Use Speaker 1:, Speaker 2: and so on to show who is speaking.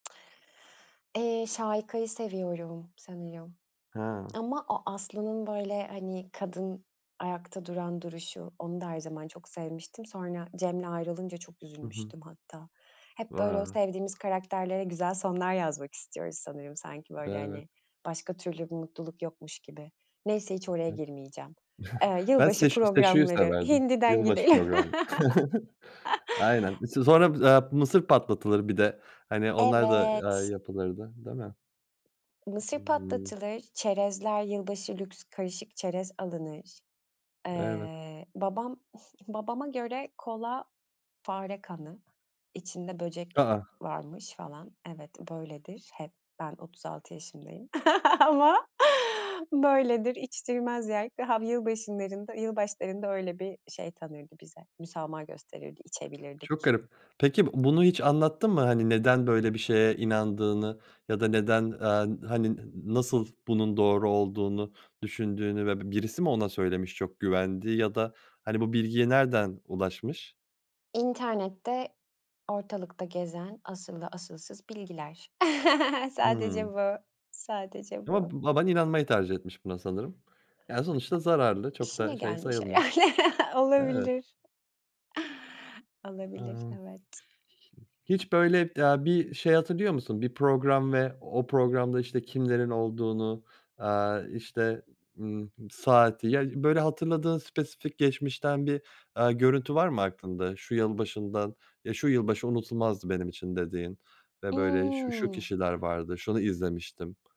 Speaker 1: Eee, Şahika'yı seviyorum sanıyor,
Speaker 2: Ha!
Speaker 1: ama o Aslı'nın, böyle, hani, kadın, ayakta duran duruşu, onu da, her zaman çok sevmiştim. Sonra, Cem'le ayrılınca çok
Speaker 2: Hı hı.
Speaker 1: üzülmüştüm hatta. Hep böyle, o
Speaker 2: Va
Speaker 1: sevdiğimiz karakterlere, güzel sonlar yazmak istiyoruz sanırım, sanki, böyle,
Speaker 2: Evet.
Speaker 1: hani, başka türlü bir mutluluk yokmuş gibi, neyse
Speaker 2: Evet.
Speaker 1: hiç oraya girmeyeceğim, eee,
Speaker 2: Ben
Speaker 1: yılbaşı
Speaker 2: Seşu, Seşu'yu
Speaker 1: programları,
Speaker 2: severdim,
Speaker 1: hindiden
Speaker 2: yılbaşı
Speaker 1: gideyim.
Speaker 2: programlı. Aynen. S sonra, aaa, mısır patlatılır, bir de, hani, onlar da, aaa,
Speaker 1: Evet.
Speaker 2: yapılırdı değil mi?
Speaker 1: Mısır
Speaker 2: Iıı.
Speaker 1: patlatılır, çerezler, yılbaşı lüks, karışık çerez alınır.
Speaker 2: Evet.
Speaker 1: Eee, babam, babama göre kola, fare kanı, içinde
Speaker 2: A,
Speaker 1: böcek
Speaker 2: a!
Speaker 1: varmış, falan evet böyledir, hep, ben 36 yaşındayım ama, böyledir, içtirmez [unintelligible] yılbaşınlarında yılbaşlarında öyle bir şey tanırdı bize, müsamaha gösterirdi,
Speaker 2: Çok
Speaker 1: içebilirdik.
Speaker 2: garip. Peki, b bunu hiç anlattı mı, hani, neden böyle bir şeye inandığını, ya da, neden, aaa, hani, n nasıl bunun doğru olduğunu düşündüğünü, ve birisi mi ona söylemiş, çok güvendiği, ya da, hani, bu bilgiye nereden ulaşmış?
Speaker 1: İnternette, ortalıkta gezen, asıllı asılsız bilgiler sadece
Speaker 2: Hıı.
Speaker 1: bu, sadece
Speaker 2: Ama
Speaker 1: bu.
Speaker 2: b baban inanmayı tercih etmiş buna sanırım. Ya, sonuçta zararlı, çok
Speaker 1: İşine
Speaker 2: da, şey
Speaker 1: gelmiş
Speaker 2: sayılmaz.
Speaker 1: herhâlde,
Speaker 2: Evet.
Speaker 1: olabilir. Olabilir
Speaker 2: Amm. [unintelligible]
Speaker 1: evet.
Speaker 2: H hiç böyle, aaa, bir şey hatırlıyor musun, bir program, ve o programda, işte, kimlerin olduğunu, aaa, işte, ııı, saati, ya, böyle hatırladığın spesifik geçmişten bir, aaa, görüntü var mı aklında, şu yılbaşından "Ya, şu yılbaşı unutulmazdı benim için." dediğin ve böyle "Şu, şu
Speaker 1: Imm.
Speaker 2: kişiler vardı, şunu izlemiştim."